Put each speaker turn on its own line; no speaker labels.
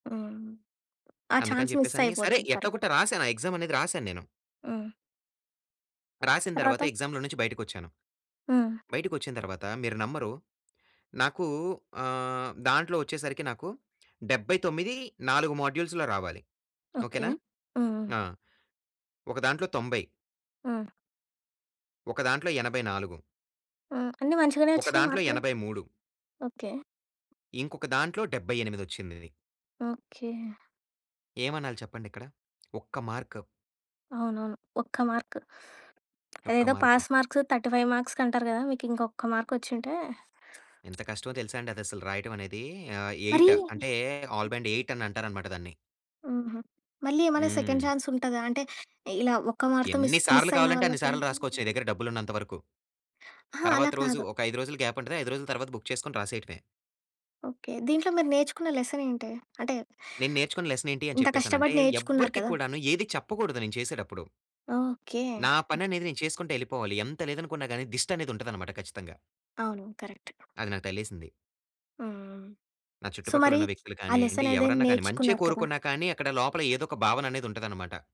హ్మ్. ఆ
అందుకని
చాన్స్ మిస్
జెప్పేసని, సరే
అయిపోతుంది. కరెక్ట్.
ఎట్లోగొట్ట రాశాను. ఆ ఎగ్సామ్ అనేది రాశాను నేను.
హ్మ్.
రాసిన
ఆ
తర్వాత
తర్వాత?
ఎగ్సామ్‌లో నుంచి బయటికొచ్చాను.
హ్మ్.
బయటికొచ్చిన తరువాత మీరు నమ్మరు. నాకు ఆహ్, దాంట్లో వచ్చేసరికి నాకు 79, 4 మాడ్యూల్స్‌లో రావాలి.
ఓకె.
ఓకెనా?
హ్మ్.
ఆ! ఒక దాంట్లో 90..
హ్మ్.
ఒక దాంట్లో 84.
హ్మ్. అన్నీ మంచిగనే
ఒక
వచ్చినయి
దాంట్లో
మార్కులు.
83.
ఓకె.
ఇంకొక దాంట్లో 78 వచ్చిందది.
ఓకె.
ఏమనాలి చెప్పండిక్కడ. ఒక్క మార్క్.
అవునవును. ఒక్క మార్క్.
ఒక్క
అదేదో
మార్క్.
పాస్ మార్క్స్ 35 మార్క్స్‌కంటారు గదా! మీకు ఇంకొక్క మార్క్ వచ్చుంటే
ఎంత కష్టమో తెలుసాండి అది అసలు రాయటం అనేది. ఆహ్,
మరీ
8 అంటే, ఆల్ బ్యాండ్ 8 అని అంటారనమాట దాన్ని.
ఆహా! మళ్లీ ఏమన్నా సెకండ్
హ్మ్.
చాన్స్ ఉంటదా? అంటే ఇలా ఒక్క మార్క్‌తో
ఎన్ని
మిస్, మిస్
సార్లు
అయిన
కావాలంటే అన్ని
వాళ్ళకి
సార్లు రాసుకోవచ్చు నీ దగ్గర డబ్బులున్నంత వరకు.
అహా! అలా
తర్వాత రోజు
కాదు.
ఒక 5 రోజులు గ్యాప్ ఉంటది. 5 రోజుల తర్వాత బుక్ చేసుకొని రాసేయటమే.
ఓకె. దీంట్లో మీరు నేర్చుకున్న లెసన్ ఏంటి. అంటే
నేను నేర్చుకున్న లెసన్ ఏంటి అని
ఇంత
చెప్పేసనంటే,
కష్టపడి నేర్చుకున్నారు
ఎవ్వరికీ
కదా!
కూడాను ఏది చెప్పకూడదు నేను చేసేటప్పుడు.
ఓకె.
నా పననేది నేను చేసుకుంటా ఎళ్ళిపోవాలి. ఎంత లేదనుకున్నా గాని దిష్టనేది ఉంటదనమాట ఖచ్చితంగా.
అవును. కరెక్ట్.
అది నాకు తగిలేసింది.
ఆ! ఆ!
నా
సో
చుట్టుపక్కల
మరి
ఉన్న వ్యక్తులు
ఆ
కానియ్యండి,
లెసన్ ఏదని
ఎవరన్నా కానీ, మంచే
నేర్చుకున్నారు కదా!
కోరుకున్నా కానీ అక్కడ లోపల ఏదో ఒక భావననేది ఉంటదనమాట.